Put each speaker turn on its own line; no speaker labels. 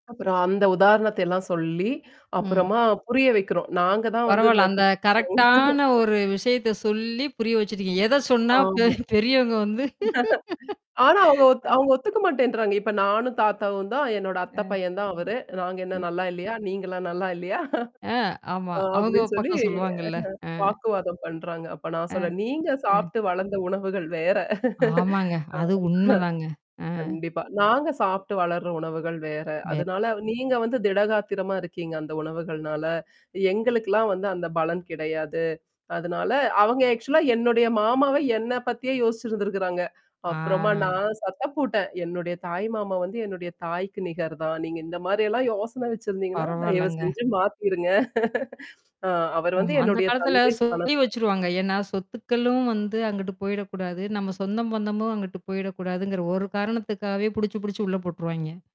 அப்புறம் அந்த உதாரணத்தை எல்லாம் சொல்லி,
ம்.
அப்புறமா புரிய வைக்கிறோம். நாங்க தான் வந்து
பரவால்ல.
இந்த கு
அந்த
[unintelligible]
கரெக்ட்டான ஒரு விஷயத்த சொல்லி புரிய வச்சுட்டீங்க. எத சொன்னா பெ
ஆமா.
பெரியவங்க வந்து.
ஆனா அவங்க ஒத்
அ.
அவங்க ஒத்துக்க மாட்டேன்டறாங்க. "இப்ப நானும் தாத்தாவும் தான், என்னோட அத்தை
அ.
பையன் தான் அவரு. நாங்க என்ன
அ.
நல்லா இல்லையா? நீங்கலாம் நல்லா இல்லையா?"
அ, ஆமா.
அ
அவங்க
அப்படின்னு சொல்லி
பக்கம்
அ
சொல்லவாங்கல்ல. அ.
வாக்குவாதம் பண்றாங்க. அப்ப நான்
அ.
சொல்லறேன். "நீங்க
அ.
சாப்ட்டு வளர்ந்த உணவுகள் வேற." அ,
ஆமாங்க. அது உண்மதாங்க. அ.
அ கண்டிப்பா. "நாங்க சாப்ட்டு வளர்ற உணவுகள் வேற.
வே
அதனால நீங்க வந்து திடகாத்திரமா இருக்கீங்க அந்த உணவுகள்னால. எங்களுக்குலாம் வந்து அந்த பலம் கிடையாது. அதனால" அவங்க ஆக்சுவலா என்னுடைய மாமாவ என்ன பத்தியே யோசிச்சிருந்திருக்கறாங்க. அப்புறமா
ஆ.
நான் சத்தம் போட்டேன், "என்னுடைய தாய் மாமா வந்து என்னுடைய தாய்க்கு நிகர் தான். நீங்க இந்த மாரியெல்லாம் யோசனை வச்சிருந்தீங்கன்னா,
பரவால்லங்க.
தயவுசெஞ்சு மாத்திருங்க. அ அவர்
ம்.
வந்து
அந்த
என்னுடைய
காலத்துல
தந்தை
சொல்லி
ஸ்தானத்துல."
வச்சுருவாங்க. ஏன்னா சொத்துக்களும் வந்து அங்கிட்டு போயிடக்கூடாது. நம்ம சொந்தம் பந்தமும் அங்கட்டு போயிடக்கூடாதுங்கிற ஒரு காரணத்துக்காகவே புடிச்சு புடிச்சு உள்ள போட்டுருவாய்ங்க.